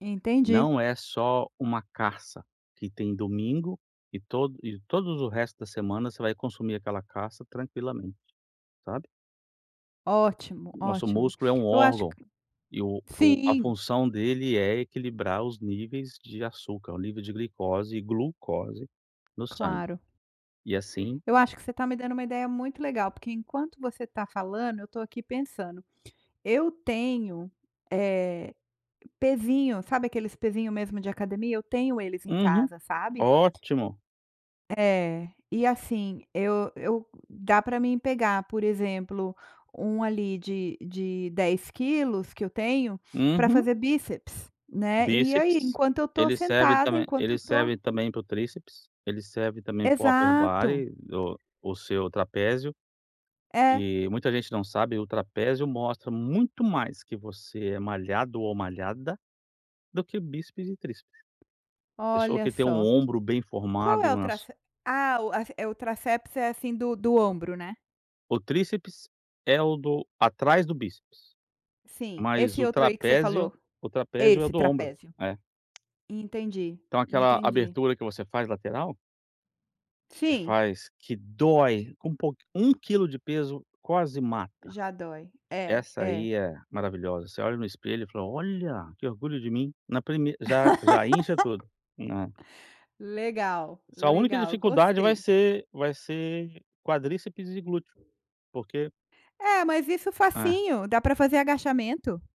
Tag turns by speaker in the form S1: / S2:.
S1: Entendi.
S2: Não é só uma caça que tem domingo e tod e todos o resto da semana você vai consumir aquela caça tranquilamente, sabe.
S1: Ótimo,
S2: Nosso
S1: ótimo.
S2: músculo é um
S1: Eu acho
S2: órgão
S1: que
S2: e o e o a
S1: sim.
S2: função dele é equilibrar os níveis de açúcar, o nível de glicose e glucose no sangue.
S1: Claro.
S2: E, assim
S1: Eu acho que você está me dando uma ideia muito legal, porque enquanto você está falando eu estou aqui pensando, eu tenho, eh, pesinho. Sabe aqueles pesinho mesmo de academia? Eu tenho eles em
S2: Uhum.
S1: casa, sabe.
S2: Ótimo.
S1: É. E, assim, eu eu dá pra mim pegar, por exemplo, um ali de de 10 quilos, que eu tenho, pra
S2: Uhum.
S1: fazer bíceps, né, e aí
S2: Bíceps.
S1: enquanto eu estou
S2: Ele serve
S1: sentada,
S2: também
S1: enquanto eu
S2: ele
S1: estou
S2: serve também para o tríceps, ele serve também para o
S1: Exato.
S2: upperbody, do o seu trapézio.
S1: É.
S2: E muita gente não sabe, o trapézio mostra muito mais que você é malhado ou malhada do que bíceps e tríceps. A pessoa
S1: Olha
S2: que tem um
S1: só.
S2: ombro bem
S1: Qual
S2: formado e
S1: é o
S2: umas
S1: trac ah, o a c eh, o tríceps, é, assim, do do ombro, né?
S2: O tríceps é o do atrás do bíceps.
S1: Sim,
S2: Mas
S1: esse
S2: o
S1: outro aí que você falou?
S2: trapézio o trapézio é o
S1: Esse,
S2: do ombro.
S1: trapézio.
S2: É.
S1: Entendi,
S2: Então aquela
S1: entendi.
S2: abertura que você faz lateral que
S1: Fim.
S2: faz que dói, com um pouqu 1 quilo de peso quase mata.
S1: Já dói. É,
S2: Essa
S1: é.
S2: aí é maravilhosa, você olha no espelho, e fala: "Olha, que orgulho de mim". Na prime já já incha tudo, né.
S1: Legal,
S2: Sua única
S1: legal,
S2: dificuldade vai
S1: gostei.
S2: ser vai ser quadríceps e glúteo, porque
S1: É, mas isso
S2: É.
S1: facinho, dá pra fazer agachamento.